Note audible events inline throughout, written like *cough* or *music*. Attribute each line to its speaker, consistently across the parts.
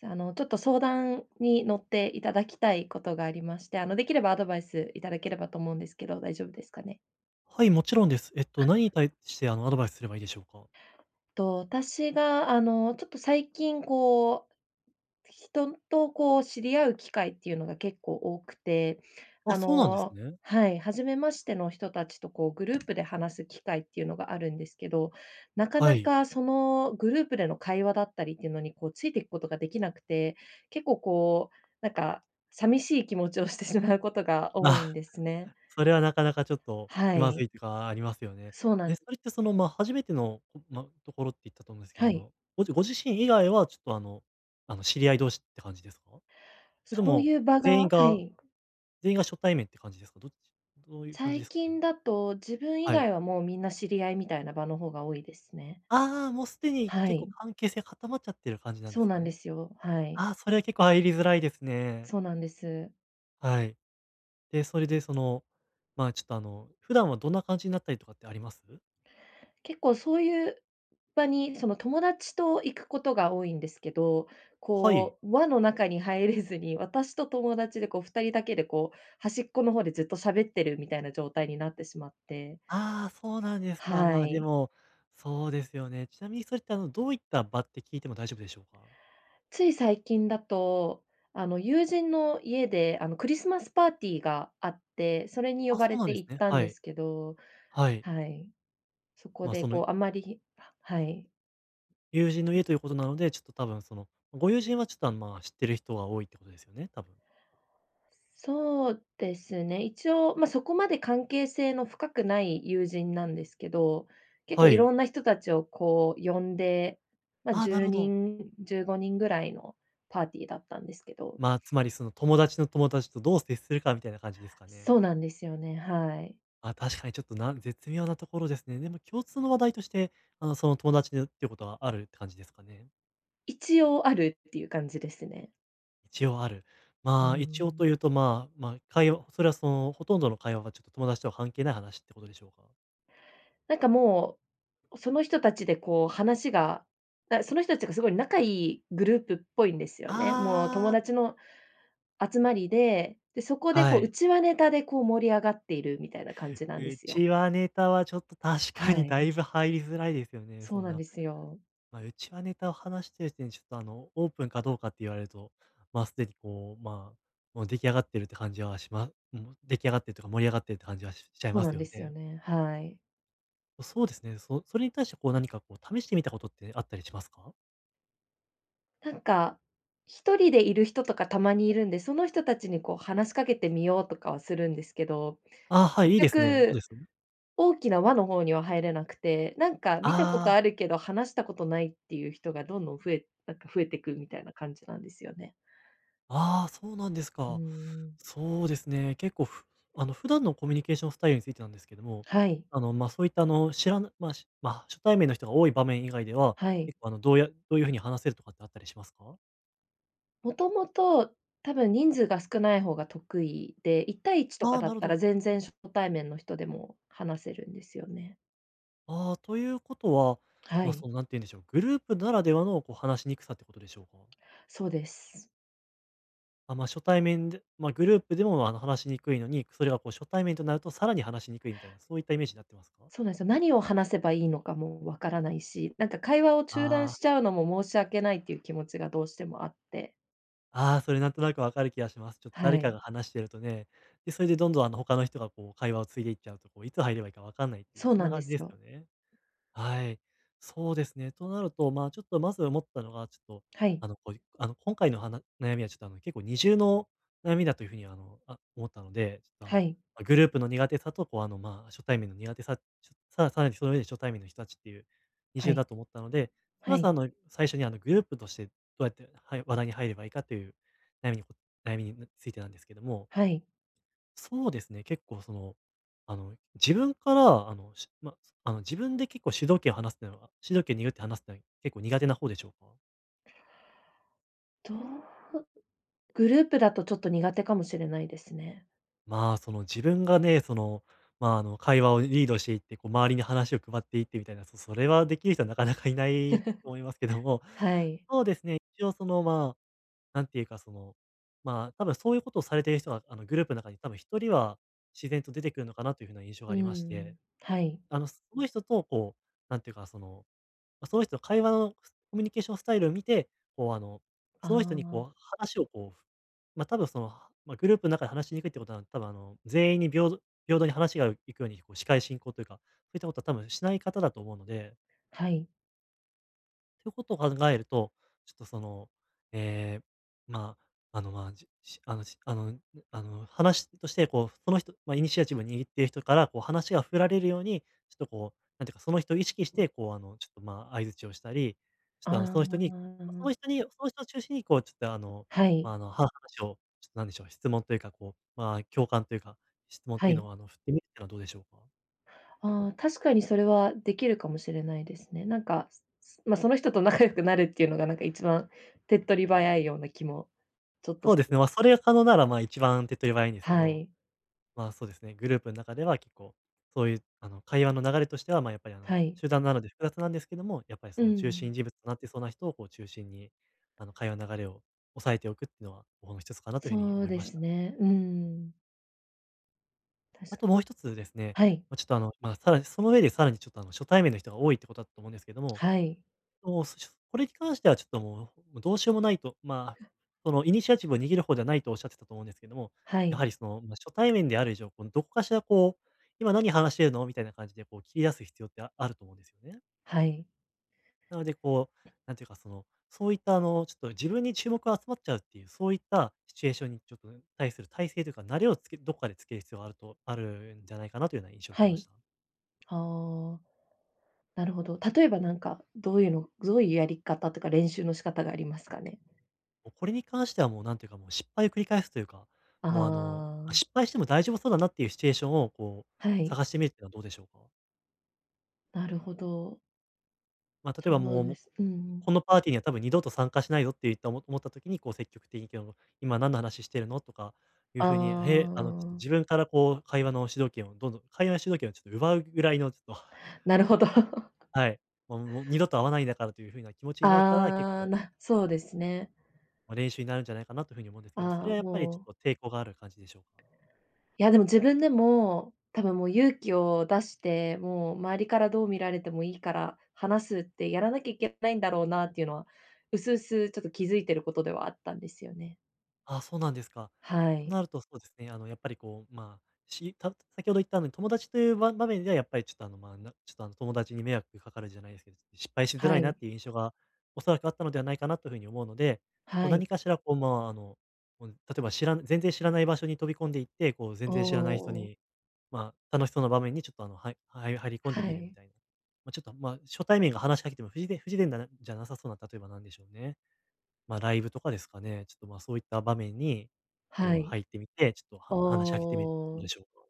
Speaker 1: じゃああのちょっと相談に乗っていただきたいことがありまして、あのできればアドバイスいただければと思うんですけど、大丈夫ですかね。
Speaker 2: はい、もちろんです。えっと
Speaker 1: は。
Speaker 2: 何に対してあのアドバイスすればいいでしょうか？
Speaker 1: と、私があの、ちょっと最近こう、人とこう知り合う機会っていうのが結構多くて、
Speaker 2: あ、
Speaker 1: あ
Speaker 2: そうなんです
Speaker 1: の、
Speaker 2: ね。
Speaker 1: はい、初めましての人たちとこうグループで話す機会っていうのがあるんですけど、なか
Speaker 2: は
Speaker 1: な
Speaker 2: い。
Speaker 1: かそのグループでの会話だったりっていうのにこうついていくことができなくて、結構こうなんか寂しい気持ちをしてしまうことが多い
Speaker 2: あ、
Speaker 1: んですね。
Speaker 2: それはなかなかちょっと気
Speaker 1: は
Speaker 2: まず
Speaker 1: い。
Speaker 2: いとかありますよね。
Speaker 1: そうな
Speaker 2: で、
Speaker 1: ん
Speaker 2: それってその、ま、初めてのとなんところって言ったと思うんですけど、
Speaker 1: は
Speaker 2: あ
Speaker 1: い。
Speaker 2: のごじご自身以外はちょっとあのあの知り合い同士って感じですか？それと
Speaker 1: そう
Speaker 2: も
Speaker 1: いう場が
Speaker 2: 全員
Speaker 1: は
Speaker 2: が
Speaker 1: い。
Speaker 2: 全員が初対面って感じですか？どっち、どういう感じで
Speaker 1: 最
Speaker 2: すかね？
Speaker 1: 近だと、自分以
Speaker 2: はい。
Speaker 1: 外はもうみんな知り合いみたいな場の方が多いですね。
Speaker 2: ああ、もうすでに
Speaker 1: は
Speaker 2: 結構
Speaker 1: い。
Speaker 2: 関係性が固まっちゃってる感じなんで
Speaker 1: そう
Speaker 2: すか
Speaker 1: なんで
Speaker 2: ね。
Speaker 1: すよ、はい。
Speaker 2: あ、それは結構入りづらいですね。
Speaker 1: そうなんです。
Speaker 2: はい。で、それでそのまあちょっとあの、普段はどんな感じになったりとかってあります？
Speaker 1: 結構そういう場にその、友達と行くことが多いんですけど、
Speaker 2: はい。
Speaker 1: こう、輪の中に入れずに、私と友達でこう2人だけでこう端っこの方でずっと喋ってるみたいな状態になってしまって。
Speaker 2: あ、そうなんですか。
Speaker 1: は
Speaker 2: まあ、で
Speaker 1: い。
Speaker 2: もそうですよね。ちなみにそれってあのどういった場って聞いても大丈夫でしょうか？
Speaker 1: つい最近だと、あの、友人の家であの、クリスマスパーティーがあって、それに呼
Speaker 2: あ、そ
Speaker 1: ば
Speaker 2: う
Speaker 1: れ
Speaker 2: なんで
Speaker 1: て
Speaker 2: す
Speaker 1: 行っ
Speaker 2: ね。
Speaker 1: たん
Speaker 2: は
Speaker 1: で
Speaker 2: い。
Speaker 1: すけど、
Speaker 2: はい。
Speaker 1: はい。そ
Speaker 2: ま、
Speaker 1: こで
Speaker 2: その
Speaker 1: こうあまりははい。
Speaker 2: 友人の家ということなので、ちょっと多分その、ご友人はちょっとまあ知ってる人が多いってことですよね、多分。
Speaker 1: そうですね、一応、ま、そこまで関係性の深くない友人なんですけど、結
Speaker 2: は
Speaker 1: 構い
Speaker 2: い。
Speaker 1: ろんな人たちをこう呼んで、ま、
Speaker 2: ああ、
Speaker 1: じ
Speaker 2: な
Speaker 1: ゅ
Speaker 2: る
Speaker 1: う
Speaker 2: ほ
Speaker 1: に
Speaker 2: ど。
Speaker 1: ん15人ぐらいのパーティーだったんですけど。
Speaker 2: まあ、つまりその友達の友達とどう接するかみたいな感じですかね。
Speaker 1: そうなんですよね、はい。
Speaker 2: あ、確かにちょっとなん絶妙なところですね。でも共通の話題として、あのその友達でっていうことはあるって感じですかね。
Speaker 1: 一応あるっていう感じですね。
Speaker 2: 一応ある。
Speaker 1: うー
Speaker 2: ま、一応
Speaker 1: ん。
Speaker 2: というとまあまあ、会話それはそのほとんどの会話が、ちょっと友達とは関係ない話っていうことでしょうか？
Speaker 1: なんかもう、その人たちでこう話が、なその人たちがすごい仲良いグループっぽいんですよね。もう
Speaker 2: あ
Speaker 1: 友
Speaker 2: あ。
Speaker 1: 達の集まりで、でそこで
Speaker 2: は
Speaker 1: こう
Speaker 2: い。
Speaker 1: 内輪ネタでこう盛り上がっているみたいな感じなんですよ。
Speaker 2: 内輪ネタはちょっと確か
Speaker 1: は
Speaker 2: にだ
Speaker 1: い。
Speaker 2: いぶ入りづらいですよね、
Speaker 1: そ
Speaker 2: そ
Speaker 1: う
Speaker 2: ん
Speaker 1: なん
Speaker 2: な、
Speaker 1: ですよ。
Speaker 2: ま、内輪ネタを話してる時点でちょっとあの、オープンかどうかって言われると、まあすでにこう、まあ、もう出来上がってるって感じはしまうん。出来上がってるとか盛り上がってるって感じはしちゃい
Speaker 1: そう
Speaker 2: ま
Speaker 1: な
Speaker 2: す
Speaker 1: ん
Speaker 2: よ
Speaker 1: ですよ
Speaker 2: ね。
Speaker 1: ね、はい。
Speaker 2: そうですね。そそれに対してこう何かこう試してみたことってあったりしますか？
Speaker 1: なんか、1人でいる人とかたまにいるんで、その人たちにこう話しかけてみようとかはするんですけど、
Speaker 2: あ、はい、
Speaker 1: 結
Speaker 2: いいですね。どうで
Speaker 1: 局、
Speaker 2: す？
Speaker 1: 大きな輪の方には入れなくて、なんか見たこと
Speaker 2: あ
Speaker 1: あ
Speaker 2: あ。
Speaker 1: るけど話したことないっていう人がどんどん増えなんか増えてくみたいな感じなんですよね。
Speaker 2: ああ、そうなんです
Speaker 1: うー
Speaker 2: か。
Speaker 1: ん。
Speaker 2: そうですね。結構ふあの普段のコミュニケーションスタイルについてなんですけども、
Speaker 1: はい。
Speaker 2: あのま、そういったあの知らぬ、まあしまあ、初対面の人が多い場面以外では、
Speaker 1: はい。
Speaker 2: 結構あのどうやどういう風に話せるとかってあったりしますか？
Speaker 1: もともと多分人数が少ない方が得意で、一対一と
Speaker 2: あ
Speaker 1: か
Speaker 2: あ、
Speaker 1: だ
Speaker 2: な
Speaker 1: っ
Speaker 2: る
Speaker 1: た
Speaker 2: ほ
Speaker 1: ら
Speaker 2: ど。
Speaker 1: 全然初対面の人でも話せるんですよね。
Speaker 2: ああ、ということは、
Speaker 1: は
Speaker 2: ま、
Speaker 1: い。
Speaker 2: そのなんて言うんでしょう、グループならではのこう話しにくさっていうことでしょうか？
Speaker 1: そうです。
Speaker 2: あ、ま、初対面でま、グループでもあの話しにくいのに、それはこう初対面となるとさらに話しにくいみたいな、そういったイメージなってますか？
Speaker 1: そうなんすよ。何を話せばいいのかもわからないし、なんか会話を中断
Speaker 2: ああ。
Speaker 1: しちゃうのも、申し訳ないという気持ちがどうしてもあって。
Speaker 2: ああ、それなんとなく分かる気がします。ちょっと
Speaker 1: は
Speaker 2: 誰かが
Speaker 1: い。
Speaker 2: 話してるとね。で、それでどんどん、あの他の人がこう会話を継いでいっちゃうと、こういつ入ればいいかわかんないっていう、
Speaker 1: そう
Speaker 2: そん
Speaker 1: な
Speaker 2: な
Speaker 1: んで
Speaker 2: 感じで
Speaker 1: す
Speaker 2: すよ
Speaker 1: よ。
Speaker 2: ね。はい。そうですね。となるとま、ちょっとまず思ったのがちょっと、
Speaker 1: はい。
Speaker 2: あのこう、あの今回のはな悩みはちょっとあの結構二重の悩みだという風にはあのあ、思ったので、ちょっとあ
Speaker 1: は
Speaker 2: の、
Speaker 1: い。
Speaker 2: グループの苦手さとこう、あの、まあ初対面の苦手さ、ちょ、さらさらにその上で初対面の人たちっていう、二
Speaker 1: は
Speaker 2: 重
Speaker 1: い。
Speaker 2: だと思ったので、
Speaker 1: は
Speaker 2: まず
Speaker 1: い。
Speaker 2: あの、最初にあのグループとしてどうやって、はい、話題に入ればいいかという悩みにこ悩みについてなんですけども
Speaker 1: はい。
Speaker 2: そうですね、結構その、あの、自分から、あの、しまそあの自分で結構主導権を話すってのは、主導権握って話すのい結構苦手な方でしょうか？
Speaker 1: どう？グループだとちょっと苦手かもしれないですね。
Speaker 2: まあ、その自分がね、その、まあ、あの、会話をリードしていって、こう周りに話を配っていってみたいな、そそれはできる人はなかなかいないと思いますけど
Speaker 1: *laughs*
Speaker 2: も、
Speaker 1: はい。
Speaker 2: そうですね、一応その、まあ、なんていうか、その、まあ、多分そういうことをされている人はあのグループの中に多分1人は自然と出てくるのかなという風な印象
Speaker 1: う
Speaker 2: があ
Speaker 1: ー
Speaker 2: りまして。
Speaker 1: ん、はい。
Speaker 2: あのその人とこう、なんていうかその、その人の会話のコミュニケーションスタイルを見て、こうあの、
Speaker 1: あ
Speaker 2: その人に
Speaker 1: あ。
Speaker 2: こう話をこう、ふ、ま、多分そのまグループの中で話しにくいっていうことは多分あの全員に平等平等に話がいくように司会進行というか、そういったことは多分しない方だと思うので。
Speaker 1: はい。
Speaker 2: ということを考えると、ちょっとその、ええ、まあ、あの、まあ、じっ、し、あのしあのあの、話としてこう、その人、まイニシアチブを握っている人からこう話が振られるように、ちょっとこう、なんていうか、その人を意識してこうあのちょっとまあ、相槌をしたり、ちょっ
Speaker 1: あ
Speaker 2: とあのその人にその
Speaker 1: あ。
Speaker 2: 人にその人を中心にこうちょっとあの
Speaker 1: はい。
Speaker 2: あの、は話をちょっと何でしょう、質問というかこう、まあ、共感というか、質問っ
Speaker 1: は
Speaker 2: ていう
Speaker 1: い。
Speaker 2: のはあの振ってみるはどうでしょうか？
Speaker 1: ああ、確かにそれはできるかもしれないですね。なんか、つつ、まその人と仲良くなるっていうのが、なんか一番手っ取り早いような気もちょっと
Speaker 2: そう
Speaker 1: し
Speaker 2: で
Speaker 1: て
Speaker 2: す
Speaker 1: ま
Speaker 2: ね。
Speaker 1: す。
Speaker 2: ま、それが可能ならまあ、一番手っ取り早いんですけ
Speaker 1: は
Speaker 2: ど、
Speaker 1: い。
Speaker 2: ま、そうですね。グループの中では結構、そういうあの、会話の流れとしては、まあ、やっぱりあの
Speaker 1: はい。
Speaker 2: 集団なので複雑なんですけども、やっぱり
Speaker 1: うー
Speaker 2: その中
Speaker 1: ん。
Speaker 2: 心人物となってそうな人をこう中心に、あの、会話の流れをおさえておくっていうのはもう一つかなという風に
Speaker 1: そう
Speaker 2: 思い
Speaker 1: で
Speaker 2: まし
Speaker 1: す
Speaker 2: た。
Speaker 1: ね。うーん。確
Speaker 2: あ
Speaker 1: かに。
Speaker 2: ともう一つですね、
Speaker 1: はい。
Speaker 2: まちょっとあの、まさらにその上でさらにちょっとあの初対面の人が多いってことだと思うんですけども、
Speaker 1: はい。
Speaker 2: そうすちょ、これに関してはちょっともうどうしようもないと。まあ、
Speaker 1: は。
Speaker 2: そのイニシアチブを握る方じゃないとおっしゃってたと思うんですけども、
Speaker 1: は
Speaker 2: や
Speaker 1: い。
Speaker 2: はりそのま初対面である以上、このどっかしら、こう今何話してるの、みたいな感じでこう切り出す必要ってあると思うんですよね。
Speaker 1: はい。
Speaker 2: なのでこう、なんていうか、その、そういったあの、ちょっと自分に注目が集まっちゃうっていう、そういったシチュエーションにちょっと対する体制というか、慣れをつけどっかでつける必要があると、あるんじゃないかなというような印象を受け
Speaker 1: は
Speaker 2: まし
Speaker 1: い。
Speaker 2: た。
Speaker 1: ああ。なるほど。例えばなんかどういうのどういうやり方というか、練習の仕方がありますかね？
Speaker 2: もうこれに関しては、もう何ていうかもう失敗を繰り返すというか、
Speaker 1: あ
Speaker 2: もうあの、
Speaker 1: あ。
Speaker 2: 失敗しても大丈夫そうだなっていうシチュエーションをこ
Speaker 1: は
Speaker 2: う
Speaker 1: い。
Speaker 2: 探してみるっていうのはどうでしょうか？
Speaker 1: なるほど。
Speaker 2: ま、例えば
Speaker 1: そ
Speaker 2: も
Speaker 1: う
Speaker 2: う、
Speaker 1: で
Speaker 2: も
Speaker 1: す。うんうん。
Speaker 2: このパーティーには多分二度と参加しないぞって言ったおも思った時にこう積極的に行けば今何の話してるのとかいう
Speaker 1: あ
Speaker 2: 風に、へあのちょっと
Speaker 1: あ。
Speaker 2: 自分からこう会話の主導権をどんどん会話の主導権をちょっと奪うぐらいのちょっと *chuckles*
Speaker 1: なるほど。*laughs*
Speaker 2: はい。もうもう二度と会わないんだからという風な気持ちになったら、結
Speaker 1: ああ、
Speaker 2: 構
Speaker 1: なそうですね。
Speaker 2: ま、練習になるんじゃないかなという風に思うんですけど、それ
Speaker 1: ああ、
Speaker 2: はやっぱりち
Speaker 1: もう
Speaker 2: ょっと抵抗がある感じでしょうか？
Speaker 1: いやでも、自分でも多分もう勇気を出して、もう周りからどう見られてもいいから、話すってやらなきゃいけないんだろうなっていうのは薄々ちょっと気づいていることではあったんですよね。
Speaker 2: あ、そうなんですか。
Speaker 1: は
Speaker 2: と
Speaker 1: い。
Speaker 2: なると、そうですね。あのやっぱりこう、ま、した先ほど言ったあの、友達というば場面ではやっぱりちょっとあの、ま、なちょっとあの友達に迷惑かかるじゃないですけど、失敗しづら
Speaker 1: は
Speaker 2: いなっ
Speaker 1: い。
Speaker 2: ていう印象がおそらくあったのではないかなという風に思うので、こう
Speaker 1: はい。
Speaker 2: 何かしらこう、ま、あの、こう例えばしら全然知らない場所に飛び込んで行って、こう全
Speaker 1: お
Speaker 2: 然知らない人
Speaker 1: お。
Speaker 2: に、ま、楽しそうな場面にちょっとあの、はいはい入り込ん
Speaker 1: は
Speaker 2: でみるみ
Speaker 1: い。
Speaker 2: たいな。ま、ちょっと、ま、初対面が話しかけても不自然不自然だなじゃなさそうな、例えばなんでしょうね、ま、ライブとかですかね、ちょっと、ま、そういった場面に
Speaker 1: は
Speaker 2: こう
Speaker 1: い。
Speaker 2: 入ってみて、ちょっと
Speaker 1: お
Speaker 2: は話しかけてみる、どうで
Speaker 1: お。
Speaker 2: しょうか。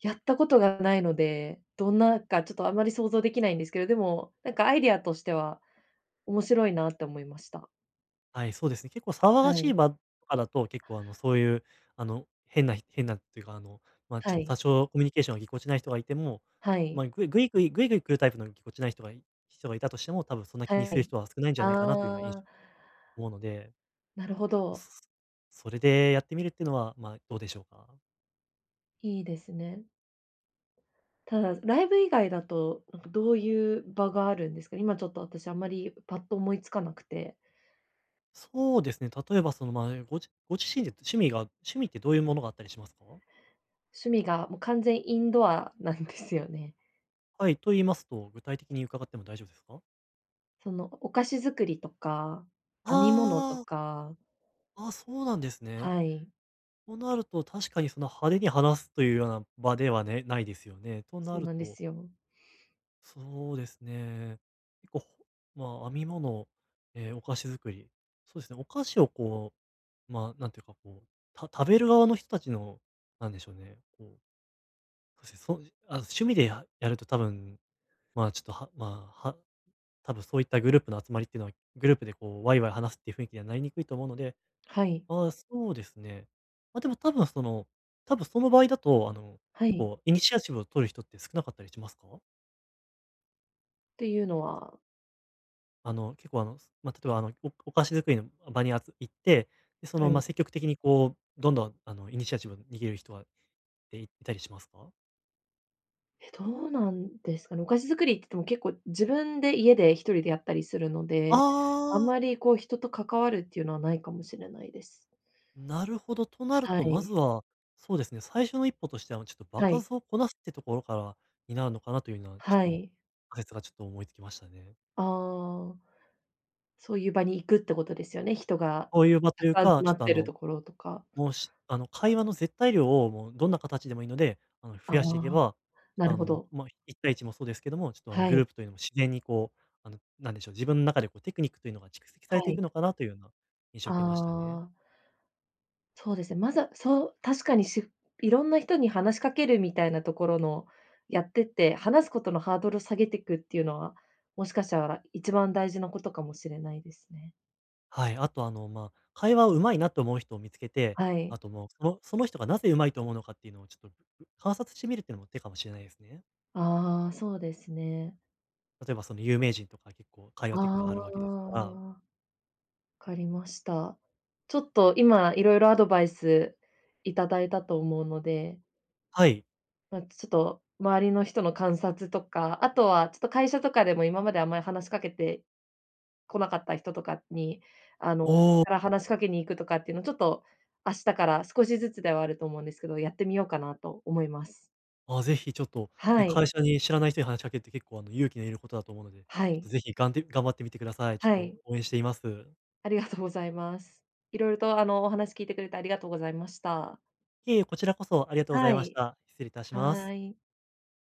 Speaker 1: やったことがないので、どんなかちょっとあまり想像できないんですけど、でも、なんかアイディアとしては面白いなって思いました。
Speaker 2: はい、そうですね。結構騒が
Speaker 1: は
Speaker 2: し
Speaker 1: い。
Speaker 2: い場とかだと結構、あの、そういうあの、変なひ変なっていうか、あの、ま、ちょっ
Speaker 1: は
Speaker 2: と多
Speaker 1: い。
Speaker 2: 少コミュニケーションがぎこちない人がいても、
Speaker 1: は
Speaker 2: ま
Speaker 1: い。
Speaker 2: い、ぐいぐいぐいぐいぐい来るタイプのぎこちない人が人がいたとしても、多分そんな気に
Speaker 1: は
Speaker 2: する
Speaker 1: い。
Speaker 2: 人は少ないんじゃないかなというようない
Speaker 1: ああ。
Speaker 2: 思うので、
Speaker 1: なるほど。
Speaker 2: そそれでやってみるってのは、まあ、どうでしょうか？
Speaker 1: いいですね。ただ、ライブ以外だと、なんかどういう場があるんですか？今ちょっと私あんまりパッと思いつかなくて。
Speaker 2: そうですね、例えばそのま、ごじご自身で趣味が、趣味ってどういうものがあったりしますか？
Speaker 1: 趣味がもう完全インドアなんですよね。
Speaker 2: はい、と言いますと、具体的に伺っても大丈夫ですか？
Speaker 1: そのお菓子作りとか、編み物と
Speaker 2: はあ。
Speaker 1: か。
Speaker 2: あ、そうなんですね。
Speaker 1: はい。
Speaker 2: となると、確かにその派手に話すというような場ではね、ないですよね、とな
Speaker 1: そう
Speaker 2: る
Speaker 1: なんで
Speaker 2: と
Speaker 1: すよ。
Speaker 2: そうですね。ほ、まあ編み物、え、お菓子作り、そうですね、お菓子をこう、ま、なんていうかこう、た食べる側の人たちの、なんでしょうね、こう、ふせそあ、趣味でややると多分まあちょっと、はまあ、は、多分そういったグループの集まりってのはグループでこう、わいわい話すっていう雰囲気にはなりにくいと思うので、
Speaker 1: はい。
Speaker 2: ああそうですね。ま、でも多分その、多分その場合だとあの、
Speaker 1: は
Speaker 2: 結
Speaker 1: い。
Speaker 2: 構イニシアチブを取る人って少なかったりしますか？
Speaker 1: ていうのは。
Speaker 2: あの、結構あの、ま、例えばあの、おお菓子作りの場にあつ行って、で、そ
Speaker 1: は
Speaker 2: のま、
Speaker 1: い。
Speaker 2: 積極的にこうどんどん、あの、イニシアチブを握る人は、え、いたりしますか？
Speaker 1: え、どうなんですかね、お菓子作りっていっても結構自分で家で一人でやったりするので、あん
Speaker 2: ああ。
Speaker 1: まりこう人と関わるっていうのはないかもしれないです。
Speaker 2: なるほど。となる
Speaker 1: は
Speaker 2: と、まず
Speaker 1: い。
Speaker 2: は、そうですね。最初の一歩としては、ま、ちょっと場
Speaker 1: はい。
Speaker 2: 数をこなすっていうところからになるのかなというのは、ち
Speaker 1: は
Speaker 2: ょっと
Speaker 1: い。
Speaker 2: かいつがちょっと思いつきましたね。
Speaker 1: ああ、そういう場に行くってことですよね、人が
Speaker 2: そういう場と
Speaker 1: た
Speaker 2: い
Speaker 1: く
Speaker 2: う
Speaker 1: さん集
Speaker 2: か、
Speaker 1: ま
Speaker 2: ちょっ
Speaker 1: っ
Speaker 2: とあ
Speaker 1: てる
Speaker 2: の、
Speaker 1: ところとか。
Speaker 2: もうし、あの、会話の絶対量をもうどんな形でもいいので、あの、増
Speaker 1: あ
Speaker 2: やしていけ
Speaker 1: あ、
Speaker 2: ば、
Speaker 1: な
Speaker 2: あ
Speaker 1: る
Speaker 2: の
Speaker 1: ほ
Speaker 2: も、
Speaker 1: ど。
Speaker 2: ま、一対一もそうですけども、ちょっとあの
Speaker 1: は
Speaker 2: グル
Speaker 1: い。
Speaker 2: ープというのも自然にこう、あの何でしょう、自分中でこうテクニックというのが蓄積さ
Speaker 1: は
Speaker 2: れてい
Speaker 1: い。
Speaker 2: くのかなというような印象を
Speaker 1: あ
Speaker 2: 受けましたね。
Speaker 1: あ。そうですね。まずは、そう確かにしいろんな人に話しかけるみたいなところのやってって、話すことのハードルを下げていくっていうのは、もしかしたら一番大事なことかもしれないですね。
Speaker 2: はい。あとあの、ま、会話を上手いなと思う人を見つけて、
Speaker 1: はい。
Speaker 2: あともう、そのその人がなぜ上手いと思うのかっていうのをちょっと、う観察してみるっていうのも手かもしれないですね。
Speaker 1: ああ、そうですね。
Speaker 2: 例えば、その有名人とか結構会話テク
Speaker 1: あ
Speaker 2: があるわけですから。
Speaker 1: あ。かりました。ちょっと今いろいろアドバイスいただいたと思うので
Speaker 2: はい。
Speaker 1: ま、ちょっと周りの人の観察とか、あとはちょっと会社とかでも、今まであんまり話しかけて来なかった人とかに、あの、自分
Speaker 2: おお。
Speaker 1: から話しかけに行くとかっていうのちょっと、明日から少しずつではあると思うんですけど、やってみようかなと思います。
Speaker 2: あ、ぜひちょっと、
Speaker 1: は
Speaker 2: ね、
Speaker 1: い。
Speaker 2: 会社に知らない人に話しかけるって結構あの勇気のいることだと思うので、
Speaker 1: は
Speaker 2: ちょっと
Speaker 1: い。
Speaker 2: ぜひ、がんで頑張ってみてください。ちょ
Speaker 1: は
Speaker 2: っ
Speaker 1: い。
Speaker 2: と、応援しています。
Speaker 1: ありがとうございます。色々とあの、お話聞いてくれてありがとうございました。
Speaker 2: いえ、こちらこそありがとうござい
Speaker 1: は
Speaker 2: まし
Speaker 1: い。
Speaker 2: た。失礼いたします。
Speaker 1: はい。